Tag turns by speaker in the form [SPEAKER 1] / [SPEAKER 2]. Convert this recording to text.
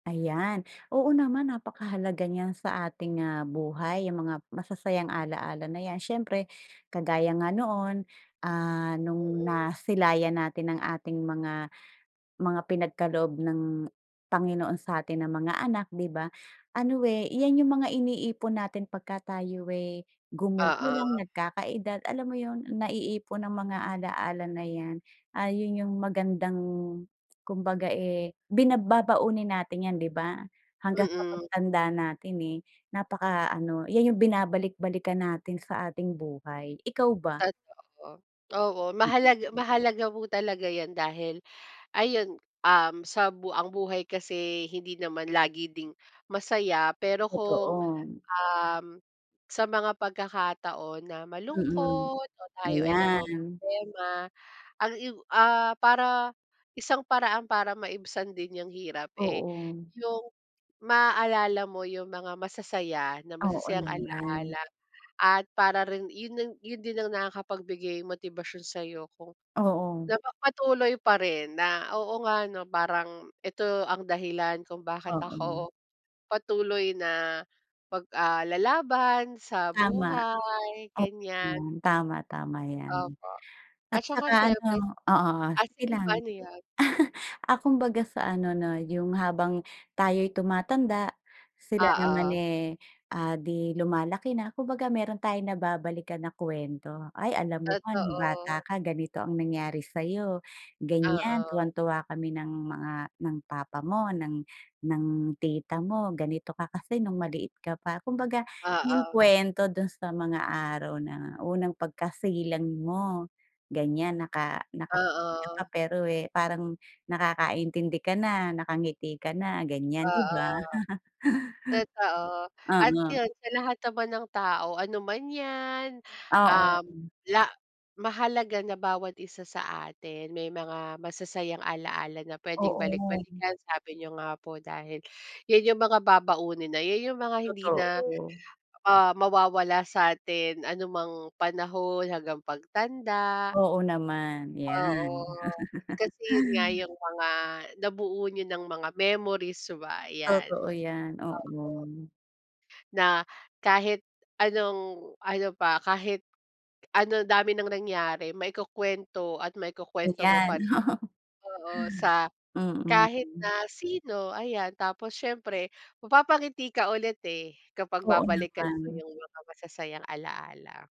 [SPEAKER 1] Ayan, oo naman napakahalaga niyan sa ating, ah, buhay yung mga masasayang alaala na yan. Siyempre kagaya nga noon, ah, nung
[SPEAKER 2] Mm.
[SPEAKER 1] nasilayan natin ang ating mga, mga pinagkaloob ng Panginoon sa atin na mga anak di ba? Ano, eh, yan yung mga iniipon natin pagka tayo, eh, gumugulang,
[SPEAKER 2] Oo.
[SPEAKER 1] nagkakaedad alam mo yun naiipon ang mga alaala na yan. Ah, yun yung magandang kumbaga, eh, bina babaunin natin yan di ba? Hanggang sa
[SPEAKER 2] Mm.
[SPEAKER 1] pagtanda natin, eh, napaka ano, yan yung binabalik-balikan natin sa ating buhay, ikaw ba?
[SPEAKER 2] Totoo. Oo
[SPEAKER 1] Mm.
[SPEAKER 2] mahalag mahalaga po talaga yan dahil ayun, um, sa bu ang buhay kasi hindi naman lagi ding masaya. Pero kung,
[SPEAKER 1] Totoo.
[SPEAKER 2] um, sa mga pagkakataon na
[SPEAKER 1] Mm,
[SPEAKER 2] malungkot o tayo ay
[SPEAKER 1] ayan.
[SPEAKER 2] namomroblema ang i ah, para, isang paraan para maibsan din yang hirap, eh,
[SPEAKER 1] Oo.
[SPEAKER 2] yung maalala mo yung mga masasaya na
[SPEAKER 1] Oo,
[SPEAKER 2] masasayang
[SPEAKER 1] naman.
[SPEAKER 2] alaala at para rin yun yun din ang nakakapagbigay motibasyon sayo kung
[SPEAKER 1] Oo.
[SPEAKER 2] napapatuloy pa rin na, "Oo nga 'no parang ito ang dahilan kung bakit
[SPEAKER 1] Oo.
[SPEAKER 2] ako patuloy na pag ah, lalaban sa
[SPEAKER 1] Tama,
[SPEAKER 2] buhay"
[SPEAKER 1] oo
[SPEAKER 2] ganyan.
[SPEAKER 1] naman. Tama, tama yan.
[SPEAKER 2] Opo,
[SPEAKER 1] At
[SPEAKER 2] at saka
[SPEAKER 1] tsaka
[SPEAKER 2] syiempre
[SPEAKER 1] ano oo,
[SPEAKER 2] ah,
[SPEAKER 1] sige
[SPEAKER 2] sige po
[SPEAKER 1] lang.
[SPEAKER 2] ano yun?
[SPEAKER 1] Ah, kumbaga sa ano na yung habang tayo'y tumatanda sila naman,
[SPEAKER 2] Oo.
[SPEAKER 1] eh, ah, di lumalaki na kumbaga mayro'n tayong nababalikan na kuwento. "Ay, alam mo ba nung bata
[SPEAKER 2] Totoo.
[SPEAKER 1] ka ganito ang nangyari sayo, ganyan
[SPEAKER 2] Oo.
[SPEAKER 1] tuwang-tuwa kami ng mga ng papa mo, ng ng tita mo ganito ka kasi nung maliit ka pa." Kumbaga yung
[SPEAKER 2] Oo.
[SPEAKER 1] kuwento do'n sa mga araw na unang pagkasilang mo ganyan "naka nakapikit ka pa
[SPEAKER 2] Oo.
[SPEAKER 1] pero, eh, parang nakakaintindi ka na, nakangiti ka na" ganyan, di
[SPEAKER 2] Oo.
[SPEAKER 1] ba?
[SPEAKER 2] Totoo at
[SPEAKER 1] Oo.
[SPEAKER 2] yun sa lahat naman ng tao ano man yan,
[SPEAKER 1] Oo.
[SPEAKER 2] um, la mahalaga na bawat isa sa atin may mga masasayang alaala na puwedeng
[SPEAKER 1] Oo.
[SPEAKER 2] balik-balikan. Sabi niyo nga po, dahil yun yung mga babaunin na yun yung mga hindi na,
[SPEAKER 1] Totoo.
[SPEAKER 2] ah, mawawala sa atin anumang panahon hanggang pagtanda.
[SPEAKER 1] Oo naman,
[SPEAKER 2] Oo.
[SPEAKER 1] yan.
[SPEAKER 2] Kasi yun nga yung mga nabuo niyo ng mga memories 'ba, yan,
[SPEAKER 1] Totoo yan,
[SPEAKER 2] opo.
[SPEAKER 1] oo.
[SPEAKER 2] Na kahit anong ano pa kahit ano dami ng nangyari maikukuwento at maikukuwento mo pa
[SPEAKER 1] Ayan,
[SPEAKER 2] rin,
[SPEAKER 1] oo.
[SPEAKER 2] oo. Sa
[SPEAKER 1] Mm.
[SPEAKER 2] kahit
[SPEAKER 1] Hmm.
[SPEAKER 2] na sino ayan tapos siyempre mapapangiti ka ulit, eh, kapag
[SPEAKER 1] Oo
[SPEAKER 2] babalikan mo
[SPEAKER 1] naman.
[SPEAKER 2] yung mga masasayang alaala.